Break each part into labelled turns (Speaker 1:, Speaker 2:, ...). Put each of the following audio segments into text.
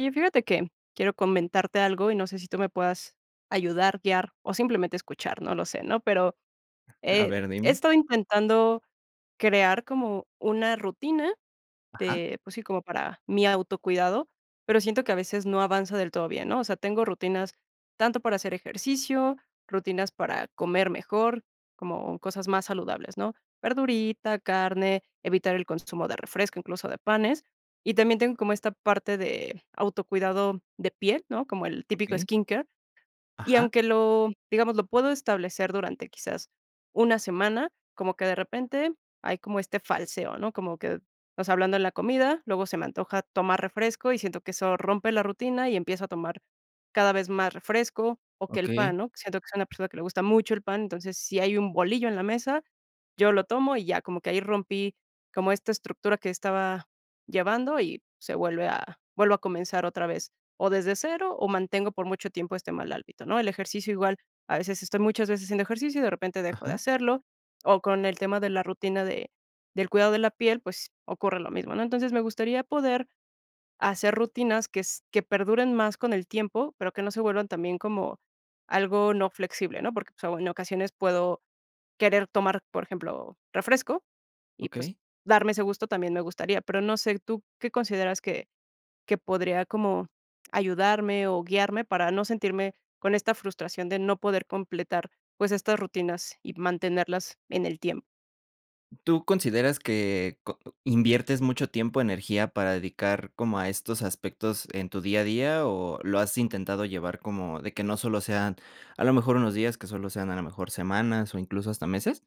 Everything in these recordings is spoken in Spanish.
Speaker 1: Y fíjate que, quiero comentarte algo y no sé si tú me puedas ayudar, guiar, o simplemente escuchar, no lo sé, ¿no?, pero,
Speaker 2: A
Speaker 1: he
Speaker 2: ver,
Speaker 1: he
Speaker 2: dime.
Speaker 1: estado intentando crear como una rutina
Speaker 2: Ajá.
Speaker 1: de, pues sí, como para mi autocuidado, pero siento que a veces no avanza del todo bien, ¿no?, o sea, tengo rutinas tanto para hacer ejercicio, rutinas para comer mejor, como cosas más saludables, ¿no?, verdurita, carne, evitar el consumo de refresco, incluso de panes, y también tengo como esta parte de autocuidado de piel, ¿no?, como el típico
Speaker 2: Okey.
Speaker 1: skin care. Y
Speaker 2: Ajá.
Speaker 1: aunque lo digamos, lo puedo establecer durante quizás una semana, como que de repente hay como este falseo, ¿no?, como que, o sea, hablando de la comida, luego se me antoja tomar refresco y siento que eso rompe la rutina y empieza a tomar cada vez más refresco o que el
Speaker 2: Okey.
Speaker 1: pan, ¿no?, siento que soy una persona que le gusta mucho el pan, entonces, si hay un bolillo en la mesa, yo lo tomo y ya como que ahí rompí, como esta estructura que estaba llevando y se vuelve a, vuelvo a comenzar otra vez, o desde cero o mantengo por mucho tiempo este mal hábito, ¿no?, el ejercicio igual, a veces estoy muchas veces haciendo ejercicio y de repente dejo de
Speaker 2: Ajá.
Speaker 1: hacerlo, o con el tema de la rutina de del cuidado de la piel, pues ocurre lo mismo, ¿no?, entonces, me gustaría poder hacer rutinas que s que perduren más con el tiempo, pero que no se vuelvan también como, algo no flexible, ¿no?, porque, pues, en ocasiones puedo querer tomar, por ejemplo, refresco, y pues,
Speaker 2: Okey.
Speaker 1: darme ese gusto también me gustaría, pero no sé, ¿tú qué consideras que que podría como ayudarme, o guiarme, para no sentirme con esta frustración de no poder completar, pues, estas rutinas y mantenerlas en el tiem?
Speaker 2: ¿Tú consideras que co inviertes mucho tiempo o energía, para dedicar como a estos aspectos en tu día a día, o lo has intentado llevar como de que no solo sean, a lo mejor, unos días, que solo sean, a lo mejor, semanas o incluso hasta meses?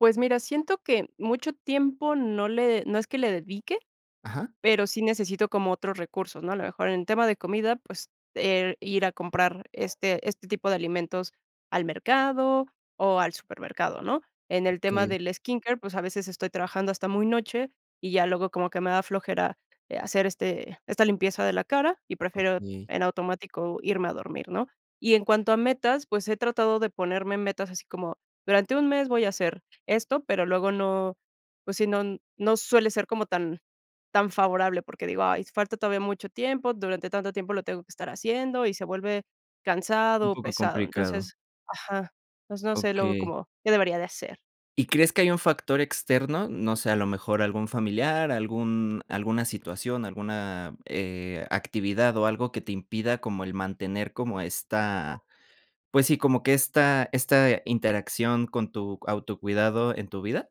Speaker 1: Pues, mira, siento que mucho tiempo no le no es que le dedique,
Speaker 2: Ajá.
Speaker 1: pero sí necesito como otros recursos, ¿no?, a lo mejor en tema de comida, pues, del, ir a comprar este este tipo de alimentos al mercado o al supermercado, ¿no?, en el tema
Speaker 2: Okey.
Speaker 1: del skin care, pues, a veces estoy trabajando hasta muy noche, y ya luego como que me da flojera, eh, hacer este esta limpieza de la cara y prefiero
Speaker 2: Okey.
Speaker 1: en automático irme a dormir, ¿no?, y en cuanto a metas, pues, he tratado de ponerme metas así como, durante un mes voy a hacer esto, pero luego no, pues sí, no no suele ser como tan tan favorable, porque digo: "Ay, falta todavía mucho tiempo, durante tanto tiempo lo tengo que estar haciendo", y se vuelve
Speaker 2: Un
Speaker 1: cansado o
Speaker 2: poco
Speaker 1: pesado.
Speaker 2: complicado.
Speaker 1: Entonces, ajá, pues, no sé, luego
Speaker 2: Okey.
Speaker 1: como, ¿qué debería de hacer?
Speaker 2: ¿Y crees que hay un factor externo?, no sé, a lo mejor algún familiar, algún alguna situación, alguna, eh, actividad o algo que te impida como el mantener como esta, pues, sí, como que esta esta interacción con tu autocuidado en tu vida.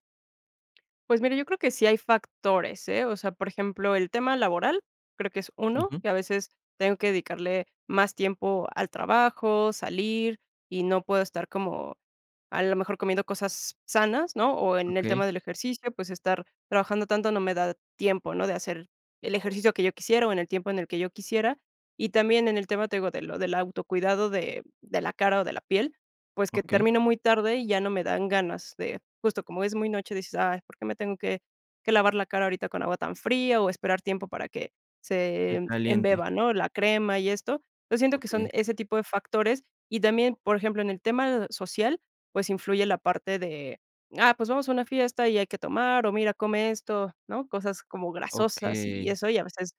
Speaker 1: Pues, mira yo creo que sí hay factores, ¿eh? O sea por ejemplo el tema laboral, creo que es uno.
Speaker 2: Ujú.
Speaker 1: Que a veces tengo que dedicarle más tiempo al trabajo, salir y no puedo estar como, a lo mejor comiendo cosas sanas, ¿no? O, en el tema
Speaker 2: Okey.
Speaker 1: del ejercicio, pues, estar trabajando tanto no me da tiempo, ¿no? De hacer el ejercicio que yo quisiera, o, en el tiempo en el que yo quisiera. Y también en el tema, te digo, de lo del auto cuidado de de la cara, o, de la piel, pues, que
Speaker 2: Okey.
Speaker 1: termino muy tarde, y ya no me dan ganas de, justo como es muy noche, dices: "Ay, por qué me tengo que que lavar la cara ahorita con agua tan fría, o, esperar tiempo para que
Speaker 2: Muy
Speaker 1: se
Speaker 2: caliente.
Speaker 1: embeba", ¿no? La crema y esto. Yo siento que son
Speaker 2: Okey.
Speaker 1: ese tipo de factores. Y también, por ejemplo, en el tema social, pues, influye la parte de: "Ah, pues, vamos a una fiesta y hay que tomar, o, mira, come esto", ¿no? Cosas como grasosas y
Speaker 2: Okey.
Speaker 1: eso, y a veces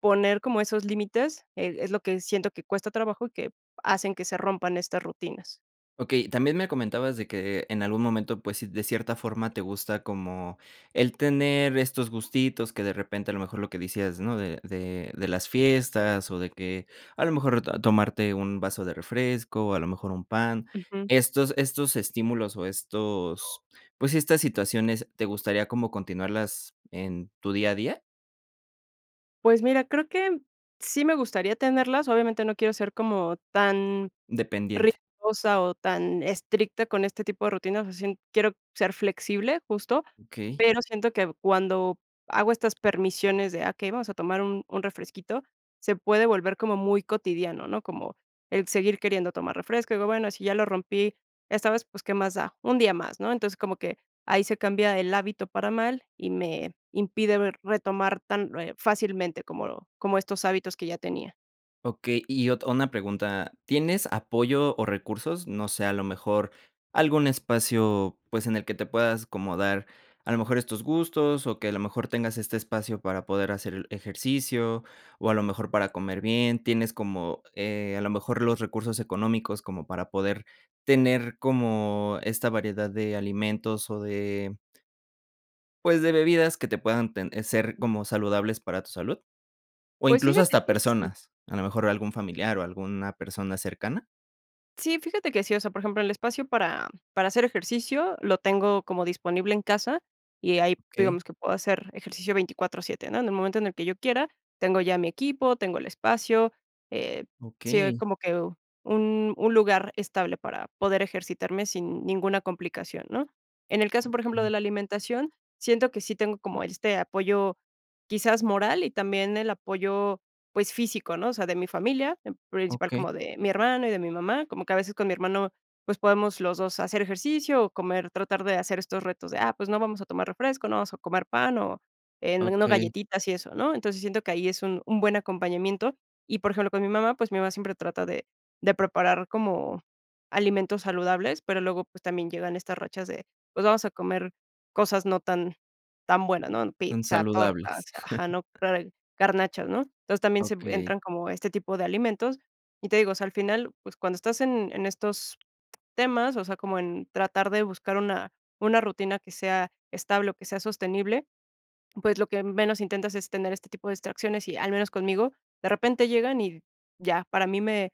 Speaker 1: poner como esos límites, e es lo que siento que cuesta trabajo, y que hacen que se rompan estas rutinas.
Speaker 2: Okey, también me comentabas de que en algún momento, pues sí, de cierta forma te gusta como el tener estos gustitos, que de repente a lo mejor lo que decías, ¿no? De de de las fiestas, o, de que, a lo mejor t to tomarte un vaso de refresco, a lo mejor un pan.
Speaker 1: Ujú.
Speaker 2: Estos estos estímulos, o, estos, pues, estas situaciones, ¿te gustaría como continuarlas en tu día a día?
Speaker 1: Pues, mira, creo que sí me gustaría tenerlas, obviamente no quiero ser como tan
Speaker 2: Dependiente.
Speaker 1: rigurosa o tan estricta con este tipo de rutina, o sea, sien quiero ser flexible justo,
Speaker 2: Okey.
Speaker 1: pero, siento que cuando hago estas permisiones de: "Ah, okey, vamos a tomar un un refresquito", se puede volver como muy cotidiano, ¿no?, como el seguir queriendo tomar refresco, digo: "Bueno, si ya lo rompí, esta vez, pues, ¿qué más da?, un día más", ¿no?, entonces, como que ahí se cambia el hábito para mal, y me impide ver retomar tan, eh, fácilmente como como estos hábitos que ya tenía.
Speaker 2: Okey. Y ot una pregunta, ¿tienes apoyo o recursos?, no sé, a lo mejor, algún espacio, pues, en el que te puedas como dar, a lo mejor estos gustos o que a lo mejor tengas este espacio para poder hacer el ejercicio, o a lo mejor para comer bien, ¿tienes como, eh, a lo mejor los recursos económicos como para poder tener como esta variedad de alimentos o de pues, de bebidas que te puedan ten ser como saludables para tu salud? ¿O
Speaker 1: Pues,
Speaker 2: incluso
Speaker 1: fíjate
Speaker 2: hasta
Speaker 1: que sí.
Speaker 2: personas, a lo mejor algún familiar o alguna persona cercana?
Speaker 1: Sí, fíjate que sí, o sea, por ejemplo, el espacio para para hacer ejercicio lo tengo como disponible en casa y ahí,
Speaker 2: Okey.
Speaker 1: digamos, que puedo hacer ejercicio 24 7, ¿no?, en el momento en el que yo quiera, tengo ya mi equipo, tengo el espacio, eh, sí,
Speaker 2: Okey.
Speaker 1: como que u un un lugar estable para poder ejercitarme sin ninguna complicación, ¿no?, en el caso, por ejemplo, de
Speaker 2: Okey.
Speaker 1: la alimentación, siento que sí tengo como este apoyo, quizás, moral y también el apoyo, pues, físico, ¿no?, o sea, de mi familia, en principal
Speaker 2: Okey.
Speaker 1: como de mi hermano y de mi mamá, como que a veces con mi hermano, pues, podemos los 2 hacer ejercicio o comer, tratar de hacer estos retos de: "Ah, pues, no vamos a tomar refresco, no vamos a comer pan, o, eh, no
Speaker 2: Okey.
Speaker 1: galletitas y eso", ¿no?, entonces, siento que ahí es un un buen acompañamiento. Y, por ejemplo, con mi mamá, pues, mi mamá siempre trata de de preparar como alimentos saludables, pero luego, pues, también llegan estas rachas de, pues, vamos a comer cosas no tan tan buenas, ¿no?,
Speaker 2: Tan
Speaker 1: pizza, tortas,
Speaker 2: saludables.
Speaker 1: ajá, ¿no?, [unintelligible] garnachas, ¿no?, entonces, también se
Speaker 2: Okey.
Speaker 1: entran como este tipo de alimentos, y te digo, o sea, al final, pues, cuando estás en en estos temas, o sea, como en tratar de buscar una una rutina que sea estable o que sea sostenible, pues, lo que menos intentas es tener este tipo de distracciones y, al menos conmigo, de repente llegan y ya, para mí me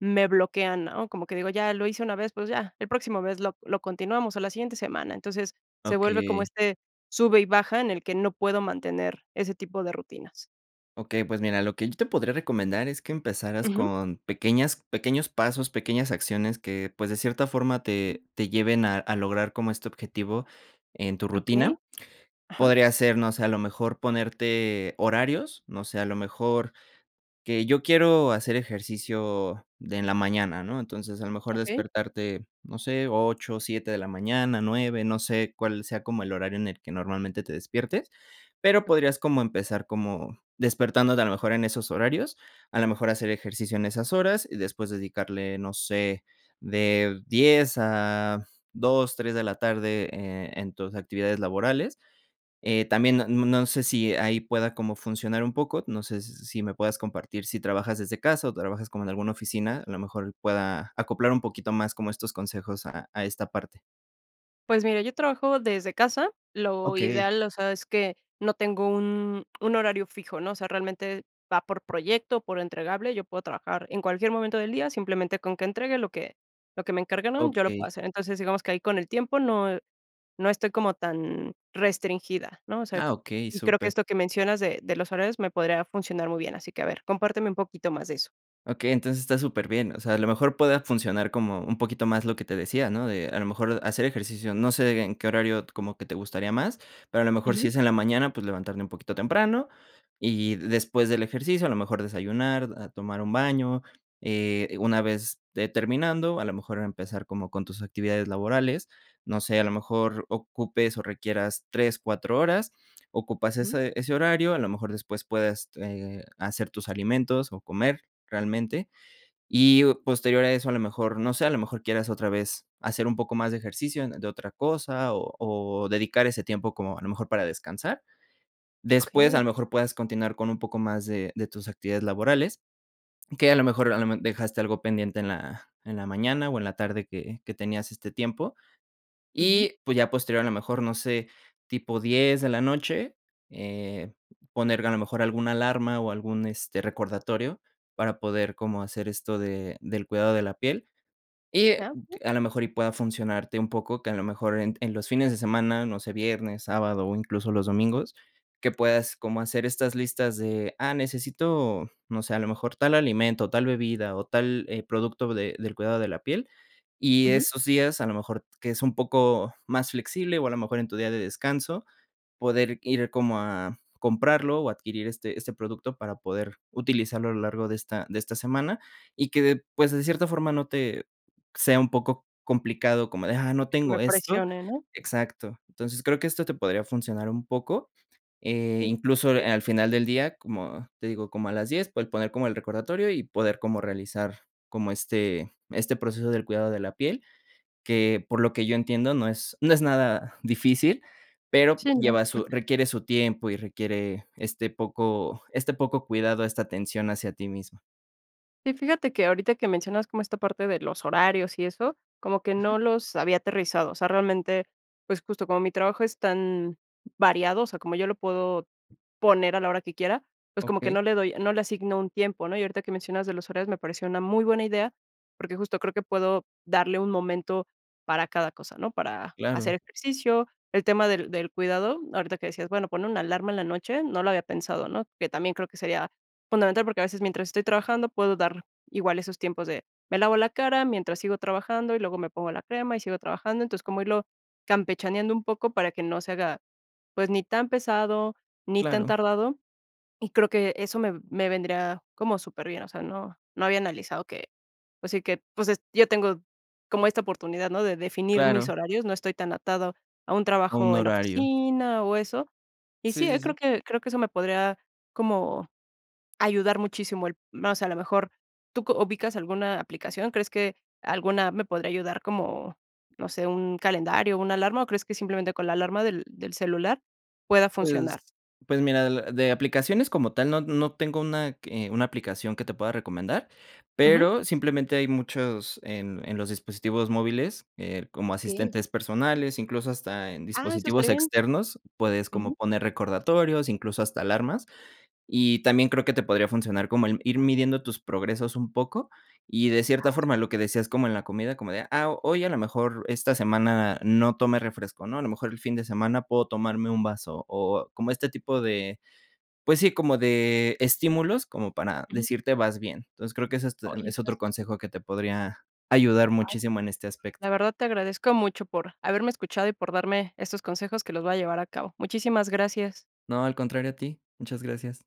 Speaker 1: me bloquean, ¿no?, como que digo: "Ya lo hice una vez, pues, ya, el próximo vez lo lo continuamos, o la siguiente semana". Entonces, se vuelve como
Speaker 2: Okey.
Speaker 1: este sube y baja en el que no puedo mantener ese tipo de rutinas.
Speaker 2: Okey. Pues, mira, lo que yo te podría recomendar es que empezaras
Speaker 1: Ujú.
Speaker 2: con pequeñas pequeños pasos, pequeñas acciones que, pues, de cierta forma, te te lleven a a lograr como este objetivo en tu
Speaker 1: Okey.
Speaker 2: rutina.
Speaker 1: Ajá.
Speaker 2: Podría ser, no sé, a lo mejor ponerte horarios, no sé, a lo mejor, que yo quiero hacer ejercicio de en la mañana, ¿no?, entonces, a lo mejor
Speaker 1: Okey.
Speaker 2: despertarte, no sé, 8, 7 de la mañana, 9, no sé, cuál sea como el horario en el que normalmente te despiertes. Pero,
Speaker 1: Okey.
Speaker 2: podrías como empezar como despertándote a lo mejor en esos horarios, a lo mejor hacer ejercicio en esas horas y después dedicarle, no sé, de 10 a 2, 3 de la tarde, eh, en tus actividades laborales. Eh, también n n no sé si ahí pueda como funcionar un poco. No sé s si me puedas compartir si trabajas desde casa o trabajas como en alguna oficina. A lo mejor pueda acoplar un poquito más como estos consejos a a esta parte.
Speaker 1: Pues, mira yo trabajo desde casa, lo
Speaker 2: Okey.
Speaker 1: ideal, o sea, es que no tengo un un horario fijo, ¿no? O sea, realmente va por proyecto, por entregable, yo puedo trabajar en cualquier momento del día, simplemente, con que entregue lo que lo que me encargaron, yo lo puedo
Speaker 2: Okey.
Speaker 1: hacer. Entonces, digamos que ahí con el tiempo no e no estoy como tan restringida, ¿no? O sea,
Speaker 2: Ah, okey,
Speaker 1: y creo que
Speaker 2: súper.
Speaker 1: esto que mencionas de de los horarios me podría funcionar muy bien así que a ver, compárteme un poquito más de eso.
Speaker 2: Okey, entonces está superbien. O sea, a lo mejor puede funcionar como un poquito más lo que te decía, ¿no?, de a lo mejor hacer ejercicio, no sé en qué horario como que te gustaría más, pero a lo mejor si
Speaker 1: Ujú.
Speaker 2: es en la mañana, pues, levantarme un poquito temprano. Y y después del ejercicio, a lo mejor desayunar, a tomar un baño. Eh, una vez, eh, terminando, a lo mejor empezar como con tus actividades laborales. No sé, a lo mejor ocupes, o requieras 3, 4 horas, ocupas
Speaker 1: Ujú.
Speaker 2: ese ese horario, a lo mejor después puedas, eh, hacer tus alimentos, o comer realmente. Y o posterior a eso, a lo mejor, no sé, a lo mejor quieras otra vez hacer un poco más de ejercicio de otra cosa, o o dedicar ese tiempo como a lo mejor para descansar. Después, a
Speaker 1: Okey.
Speaker 2: lo mejor, puedas continuar con un poco más de de tus actividades laborales, que a lo mejor, a lo me dejaste algo pendiente en la en la mañana, o en la tarde que que tenías este tiempo.
Speaker 1: Ujú.
Speaker 2: Y, pues, ya posterior, a lo mejor, no sé, tipo 10 de la noche, eh, poner a lo mejor alguna alarma, o algún, este, recordatorio para poder como hacer esto de del cuidado de la piel y, eh,
Speaker 1: Ah, sí.
Speaker 2: a lo mejor y pueda funcionarte un poco, que a lo mejor en en los fines de semana, no sé, viernes, sábado, o incluso, los domingos, que puedas como hacer estas listas de, ah, necesito, no sé, a lo mejor tal alimento, tal bebida, o tal, eh, producto de del cuidado de la piel. Y
Speaker 1: Ujú.
Speaker 2: esos días, a lo mejor que es un poco más flexible, o a lo mejor en tu día de descanso, poder ir como a comprarlo, o adquirir este este producto para poder utilizarlo a lo largo de esta de esta semana, y que de pues, de cierta forma no te sea un poco complicado como de, ah, no
Speaker 1: Que
Speaker 2: tengo
Speaker 1: me
Speaker 2: esto.
Speaker 1: presionen, ¿no?
Speaker 2: Exacto. Entonces, creo que esto te podría funcionar un poco. Eh, incluso, eh,
Speaker 1: [unintelligible]
Speaker 2: al final del día, como te digo, como a las 10, pues, el poner como el recordatorio y poder como realizar, como este este proceso del cuidado de la piel, que por lo que yo entiendo no es no es nada difícil, pero
Speaker 1: Sí, ¿no?
Speaker 2: lleva su requiere su tiempo y requiere este poco este poco cuidado, esta atención hacia ti misma.
Speaker 1: Sí, fíjate que ahorita que mencionas como esta parte de los horarios y eso, como que
Speaker 2: Ajá.
Speaker 1: no los había aterrizado. O sea, realmente, pues, justo como mi trabajo es tan variado, o sea, como yo lo puedo poner a la hora que quiera, pues, como que
Speaker 2: Okey.
Speaker 1: no le doy no le asigno un tiempo, ¿no? Y ahorita que mencionas de los horarios me pareció una muy buena idea, porque justo creo que puedo darle un momento para cada cosa, ¿no? Para
Speaker 2: Claro.
Speaker 1: hacer ejercicio, el tema del del cuidado, ahorita que decías, bueno, pon una alarma en la noche, no lo había pensado, ¿no?, que también creo que sería fundamental, porque a veces mientras estoy trabajando puedo dar igual esos tiempos de, me lavo la cara mientras sigo trabajando, y luego me pongo la crema, y sigo trabajando. Entonces, como irlo campechaneando un poco para que no se haga, pues, ni tan pesado, ni tan
Speaker 2: Claro.
Speaker 1: tardado, y creo que eso me me vendría como superbien. O sea, no no había analizado que, pues sí, que, pues, es yo tengo como esta oportunidad, ¿no?, de definir mis
Speaker 2: Claro.
Speaker 1: horarios, no estoy tan atado a un
Speaker 2: A un
Speaker 1: trabajo en
Speaker 2: horario.
Speaker 1: oficina o eso. Y
Speaker 2: Sí,
Speaker 1: sí,
Speaker 2: sí,
Speaker 1: creo
Speaker 2: sí.
Speaker 1: que creo que eso me podría como ayudar muchísimo el más. A lo mejor, ¿tú co ubicas alguna aplicación? ¿Crees que alguna me podría ayudar como, no sé, un calendario, una alarma, o crees que simplemente, con la alarma del del celular pueda
Speaker 2: Pues,
Speaker 1: funcionar?
Speaker 2: pues mira, de la de aplicaciones como tal, no no tengo una que una aplicación que te pueda recomendar,
Speaker 1: Ujú.
Speaker 2: pero simplemente, hay muchos en en los dispositivos móviles, eh, como
Speaker 1: Okey.
Speaker 2: asistentes personales, incluso, hasta en
Speaker 1: ¡Ah, eso
Speaker 2: dispositivos
Speaker 1: estaría bien!
Speaker 2: externos puedes como
Speaker 1: Ujú.
Speaker 2: poner recordatorios, incluso hasta alarmas. Y también creo que te podría funcionar como, el ir midiendo tus progresos un poco y de cierta
Speaker 1: ¡Ah,
Speaker 2: forma, lo
Speaker 1: super!
Speaker 2: que decías como en la comida, como de: "Ah, hoy a lo mejor esta semana no tomé refresco, ¿no?, a lo mejor el fin de semana puedo tomarme un vaso, o o como este tipo de, pues sí, como de estímulos como para
Speaker 1: Ujú.
Speaker 2: decirte vas bien". Entonces, creo que es, este,
Speaker 1: Oye,
Speaker 2: es
Speaker 1: estas
Speaker 2: otro consejo que te podría ayudar
Speaker 1: ¡Ay!,
Speaker 2: muchísimo en este aspecto.
Speaker 1: la verdad te agradezco mucho por haberme escuchado, y por darme estos consejos que los voy a llevar a cabo. Muchísimas gracias.
Speaker 2: No, al contrario a ti. Muchas gracias.